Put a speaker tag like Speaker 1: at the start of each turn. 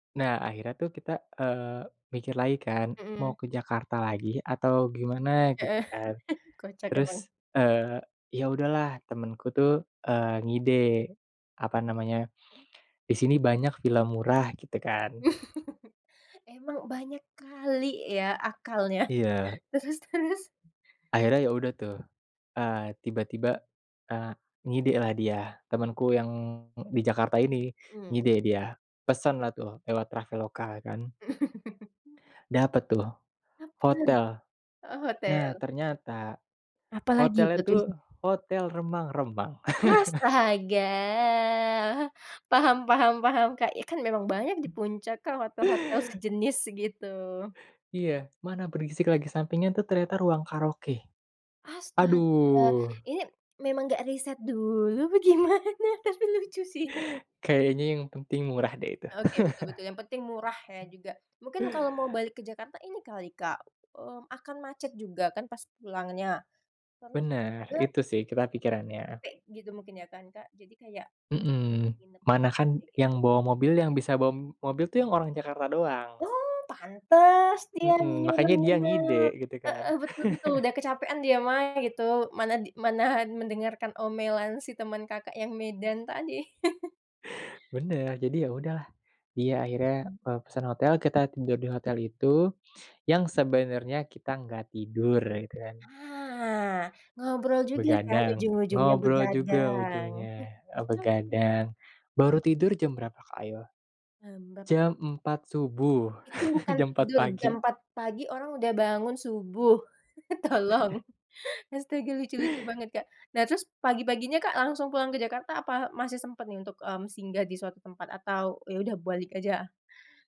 Speaker 1: Nah akhirnya tuh kita, eee, mikir lagi kan mau
Speaker 2: Mhm.
Speaker 1: ke Jakarta lagi atau gimana gitu
Speaker 2: Heeh,
Speaker 1: kan,
Speaker 2: kocak
Speaker 1: terus,
Speaker 2: emang.
Speaker 1: eee, ya udahlah temenku tuh, eee, ngide, apa namanya, di sini banyak villa murah gitu kan.
Speaker 2: Emang banyak kali ya akalnya,
Speaker 1: Iya.
Speaker 2: terus terus?
Speaker 1: Akhirnya ya udah tuh, eee, tiba-tiba, eee, ngidelah dia temenku yang di Jakarta ini
Speaker 2: Mhm.
Speaker 1: ngide dia, pesenlah tuh lewat Traveloka kan. Dapet tuh,
Speaker 2: Apa?
Speaker 1: hotel,
Speaker 2: Oh
Speaker 1: nah
Speaker 2: hotel.
Speaker 1: ternyata,
Speaker 2: Apalagi
Speaker 1: hotelnya
Speaker 2: plot twist-nya?
Speaker 1: tuh hotel remang-remang.
Speaker 2: Astaga paham paham paham Kak, ya kan memang banyak di puncak Kak, hotel-hotel sejenis gitu.
Speaker 1: Iya mana berisik lagi sampingnya tuh ternyata ruang karaoke,
Speaker 2: Astaga
Speaker 1: aduh.
Speaker 2: ini, memang gak riset dulu apa gimana? Tapi lucu sih ini.
Speaker 1: Kayaknya yang penting murah deh itu.
Speaker 2: Oke betul betul yang penting murah ya juga mungkin kalau mau balik ke Jakarta ini kali Kak, mmm, akan macet juga kan pas pulangnya, terus juga,
Speaker 1: Bener
Speaker 2: terlalu
Speaker 1: itu sih kita pikirannya.
Speaker 2: capek gitu mungkin ya kan Kak, jadi kayak ya
Speaker 1: Mhm,
Speaker 2: nginep.
Speaker 1: mana kan
Speaker 2: [unintelligible]
Speaker 1: yang bawa mobil yang bisa bawa mobil tuh yang orang Jakarta doang.
Speaker 2: Oh pantas dia
Speaker 1: Mhm,
Speaker 2: nyuruh
Speaker 1: makanya dia
Speaker 2: nginep,
Speaker 1: ngide gitu kan.
Speaker 2: heeh, betul betul udah kecapean dia mah ya gitu mana mana mendengarkan omelan si teman Kakak, yang Medan tadi.
Speaker 1: Bener jadi ya udahlah, dia akhirnya, eee, pesen hotel kita tidur di hotel itu, yang sebenernya kita gak tidur gitu kan.
Speaker 2: Ah, ngobrol juga kan
Speaker 1: Begadang,
Speaker 2: ujung-ujungnya
Speaker 1: ngobrol juga
Speaker 2: begadang.
Speaker 1: ujungnya, eee,
Speaker 2: Oke.
Speaker 1: begadang baru tidur jam berapa Kak, ayo,
Speaker 2: Mmm, berapa.
Speaker 1: jam 4.00 subuh,
Speaker 2: Itu bukan
Speaker 1: jam 4.00
Speaker 2: tidur
Speaker 1: pagi.
Speaker 2: jam 4.00 pagi orang udah bangun subuh tolong astaga lucu lucu banget Kak, nah terus pagi-paginya Kak, langsung pulang ke Jakarta apa masih sempet nih untuk, mmm, singgah di suatu tempat atau ya udah balik aja?